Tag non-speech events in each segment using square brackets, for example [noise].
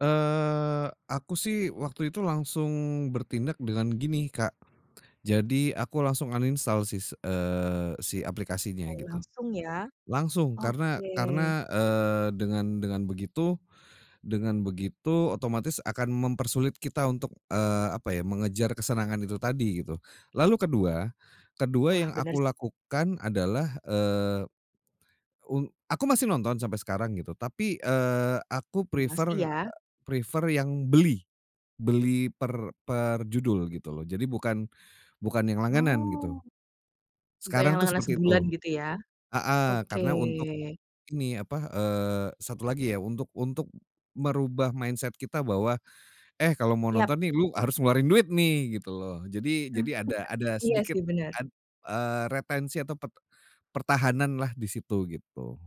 Eee, aku sih, waktu itu langsung bertindak dengan gini, Kak. Jadi aku langsung uninstall sis eee, si aplikasinya, Oh, gitu. langsung ya? Langsung, karena Oke. karena, eee, dengan dengan begitu dengan begitu, otomatis akan mempersulit kita untuk eee, apa ya, mengejar kesenangan itu tadi, gitu. Lalu kedua kedua Wah, yang bener sih. aku lakukan adalah, eee, un aku masih nonton sampai sekarang, gitu. Tapi, eee, aku Masih, prefer ya? prefer yang beli. Beli per perjudul, gitu loh. Jadi bukan bukan yang langganan, Oh. gitu. Bukan yang Sekarang tuh langganan seperti sebulan, itu. gitu ya? Heeh, Oke. karena untuk ini apa eee, satu lagi ya, untuk untuk merubah mindset kita bahwa, eh kalau mau Yap. nonton nih, lu harus ngeluarin duit nih, gitu loh. Jadi [laughs] jadi ada ada Iya sedikit sih, bener. ad eee, retensi atau pert pertahanan lah, disitu gitu.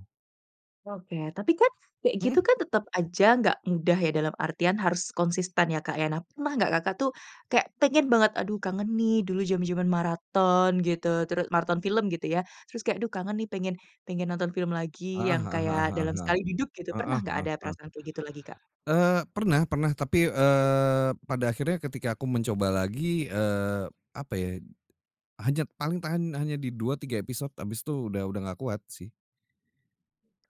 Oke, tapi kan kayak gitu Mhm. kan, tetep aja gak mudah, ya dalam artian, harus konsisten ya, Kak, ya? Nah, pernah nggak kakak tuh, kayak pengen banget, aduh kangen nih, dulu jaman-jaman maraton, gitu teru maraton film, gitu ya, terus kayak, aduh kangen nih, pengen pengen nonton film lagi, Heeh yang heeh heeh kayak heeh dalam heeh. sekali duduk, gitu. Pernah Heeh nggak heeh ada heeh. perasaan kayak gitu lagi, Kak? Eee, pernah pernah tapi, eee, pada akhirnya, ketika aku mencoba lagi eee, apa ya, hanya paling tahan, hanya di 2-3 episode. Habis tu, udah udah gak kuat, sih.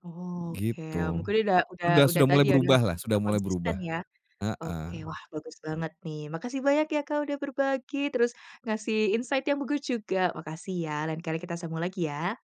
Oke, Gitu. mungkin ini udah udah Sudah udah sudah mulai tadi ya, udah berubah [unintelligible] lah sudah nggak mulai konsisten berubah, ya? Oke heeh. wah, bagus banget, nih. Makasih banyak ya, Kak, udah berbagi. Terus ngasih insight yang bagus juga. Makasih ya! Lain kali kita sambung lagi ya!